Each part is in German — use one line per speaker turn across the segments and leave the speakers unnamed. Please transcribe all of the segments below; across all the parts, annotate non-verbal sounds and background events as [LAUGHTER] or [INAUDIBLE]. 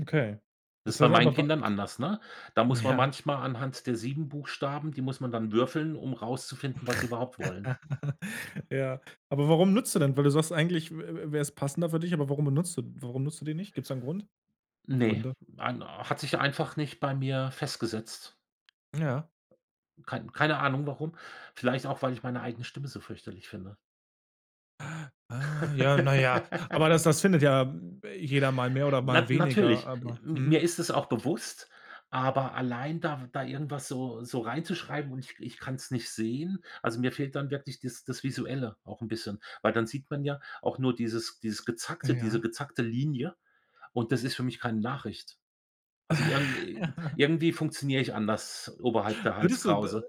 Okay.
Das ist
Ist
bei
halt
meinen
aber wa
Kindern anders, ne? Da muss man
Ja.
manchmal anhand der 7 Buchstaben die muss man dann würfeln, um
[SNORTS]
rauszufinden, was überhaupt wollen.
[LAUGHS] Ja. Aber warum nutzt du denn weil du sagst, eigentlich wä wä wär's passender für dich, aber warum benutzt du warum nutzt du die nicht? Gibt es da 'n Grund?
Ne,
Gründe?
ein hat sich einfach nicht bei mir festgesetzt.
Ja.
Kein keine Ahnung warum, vielleicht auch, weil ich meine eigene Stimme so fürchterlich finde.
[GASPS] Ah, ja, na ja. Aber das das
[LAUGHS]
findet ja jeder mal mehr oder mal
Nat
weniger,
natürlich,
aber
mi mir
mhm.
ist es auch bewusst, aber allein da w da irgendwas so so reinzuschreiben und ich k ich kann's nicht sehen also, mir fehlt dann wirklich dies das Visuelle auch 'n bisschen, weil dann sieht man ja auch nur dieses dieses Gezackte diese
Ja.
gezackte Linie, und das ist für mich keine Nachricht. Also irgend
[LAUGHS]
irgendwie funktioniere ich anders, oberhalb der
Würdest du d
Halskrause.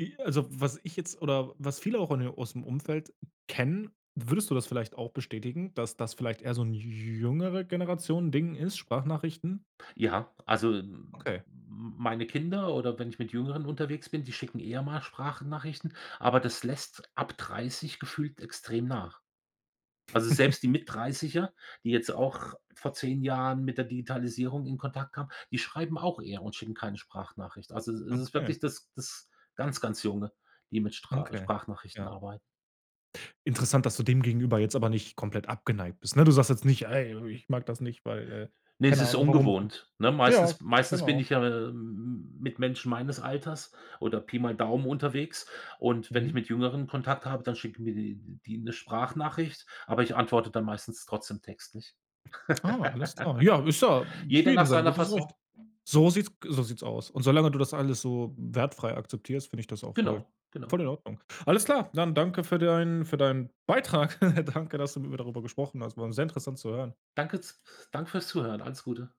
i also, was ich jetzt oder was viele auch o aus'm Umfeld kennen, würdest du das vielleicht auch bestätigen, dass das vielleicht eher so 'n J Jüngere-Generation-Ding ist, Sprachnachrichten?
Ja, also m
Okay.
meine Kinder, oder wenn ich mit Jüngeren unterwegs bin, die schicken eher mal Sprachnachrichten, aber das lässt ab 30 gefühlt extrem nach. Also, selbst die
[CHUCKLES]
Mittdreißiger, die jetzt auch vor 10 Jahren mit der Digitalisierung in Kontakt kamen, die schreiben auch eher und schicken keine Sprachnachricht. Also, es ist es ist
Okay.
wirklich das das ganz, ganz Junge, die mit stra
Okay.
Sprachnachrichten
Ja.
arbeiten.
Interessant, dass du dem gegenüber jetzt aber nicht komplett abgeneigt bist, ne? Du sagst jetzt nicht: „Ey, ich mag das nicht, weil“, äh,
Ne, es
keine
ist
Ahnung, warum auch
ungewohnt, ne?
ja,
Meistens meistens bin
genau.
ich ja m m mit Menschen meines Alters oder Pi mal Daumen unterwegs und wenn ich
Mhm.
mit Jüngeren Kontakt habe, dann schicken mir die die 'ne Sprachnachricht. Aber ich antworte dann meistens trotzdem Textlich.
Ah, alles klar. Ja, ist ja
[LAUGHS]
für
Jeder nach
jedem sein
seiner
gutes
Fasson.
Recht. So sieht's g so sieht's aus und solange du das alles so wertfrei akzeptierst, finde ich das auch voll
Genau, genau.
voll in Ordnung. Alles klar, dann danke für deinen für deinen Beitrag. [CHUCKLES] Danke, dass du mit mir darüber gesprochen hast. War 'n sehr interessant zu hören.
Danke z f danke fürs Zuhören, alles Gute.